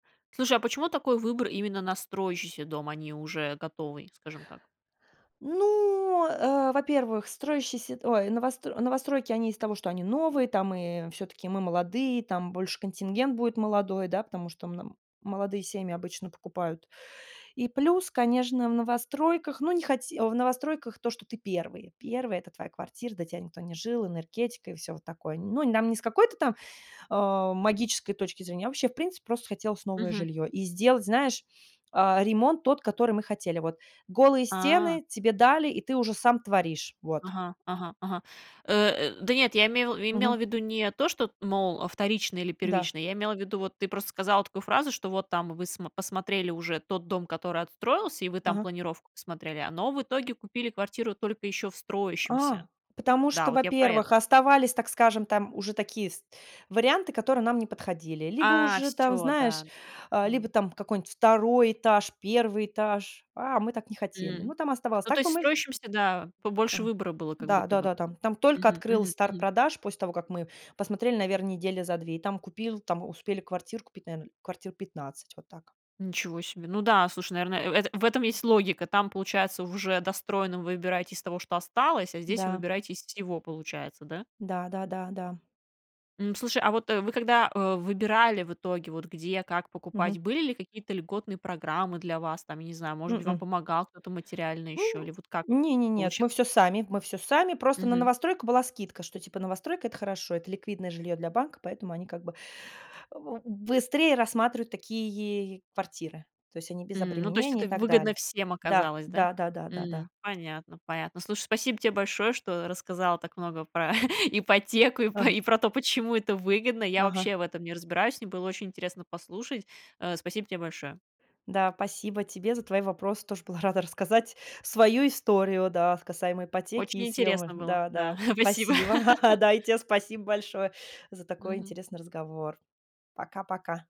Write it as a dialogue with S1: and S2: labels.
S1: Слушай, а почему такой выбор именно на строящийся дом, а не уже готовый, скажем так?
S2: Ну, э, во-первых, строящиеся, т ой, новост новостройки, они из-за того, что они новые, там и всё-таки мы молодые, там больше контингент будет молодой, да, потому что мн молодые семьи обычно покупают. И плюс, конечно, в новостройках, ну, не хоте в новостройках то, что ты первый первый, это твоя квартира, до тебя никто не жил, энергетика и всё вот такое. Ну, нам не с какой-то там, э, магической точки зрения, а вообще, в принципе, просто хотелось новое
S1: Мгм.
S2: жилье и сделать, знаешь, э, ремонт тот, который мы хотели, вот: голые
S1: А.
S2: стены тебе дали, и ты уже сам творишь. Вот.
S1: Ага, ага, ага. Э, э, да нет, я име имела
S2: Мгм.
S1: в виду не то, что т мол, а вторично или
S2: Да.
S1: первично, я имела в виду, вот ты просто сказала такую фразу, что вот там вы смо посмотрели уже тот дом, который отстроился, и вы там
S2: Ага.
S1: планировку посмотрели, э, но в итоге купили квартиру только ещё в строящемся.
S2: А, потому
S1: Да,
S2: что,
S1: вот я про это.
S2: во-первых, оставались, так скажем, там уже такие вс варианты, которые нам не подходили, либо
S1: А,
S2: уже там,
S1: всё,
S2: знаешь,
S1: да-да.
S2: э, либо
S1: М.
S2: там какой-нибудь 2 этаж, 1 этаж, а мы так не хотели, ну,
S1: М.
S2: там оставалось,
S1: Ну, то
S2: так
S1: есть
S2: бы
S1: в
S2: мы вз
S1: строящемся, да, побольше
S2: Ага.
S1: выбора было как
S2: Да
S1: будто
S2: да
S1: бы.
S2: да, там там только
S1: Мгм,
S2: открыл
S1: мгм,
S2: старт
S1: мгм.
S2: продаж после того, как мы посмотрели, наверное, недели за 2, и там купил, там успели квартиру купить, наверное, квартир 15. Вот так.
S1: Ничего себе. Ну да, слушай, наверное, э, в этом есть логика. Там получается, в уже достроенном вы выбираете из того, что осталось, а здесь вы
S2: Да.
S1: выбираете из всего, получается, да?
S2: Да, да, да, да.
S1: М, слушай, а вот, э, вы когда, э, выбирали в итоге, вот где, как покупать,
S2: Мгм.
S1: были ли какие-то льготные программы для вас там, я не знаю, может быть, вам
S2: М-м.
S1: помогал кто-то материально
S2: У,
S1: ещё или вот как
S2: не не нет,
S1: получилось?
S2: мы всё сами, мы всё сами. Просто на
S1: Мгм.
S2: новостройку была скидка, что, типа, новостройка- это хорошо, это ликвидное жильё для банка, поэтому они, как бы, в быстрее рассматривают такие квартиры. То есть они без
S1: М, ну, то есть
S2: обременений и
S1: это
S2: так
S1: выгодно
S2: далее.
S1: всем
S2: Да,
S1: оказалось, да?
S2: да да да да.
S1: Мгм. Понятно понятно. Слушай, спасибо тебе большое, что рассказала так много про ипотеку и по
S2: Ага.
S1: и про то, почему это выгодно. Я
S2: Ага.
S1: вообще в этом не разбираюсь, мне было очень интересно послушать. Э, спасибо тебе большое!
S2: Да, спасибо тебе за твои вопросы. Тоже была рада рассказать свою историю, да, касаемо ипотеки
S1: Очень
S2: и съёма.
S1: интересно было,
S2: Да
S1: да,
S2: да,
S1: спасибо.
S2: спасибо! Да, и те спасибо большое за такой
S1: Мгм.
S2: интересный разговор. Пока-пока!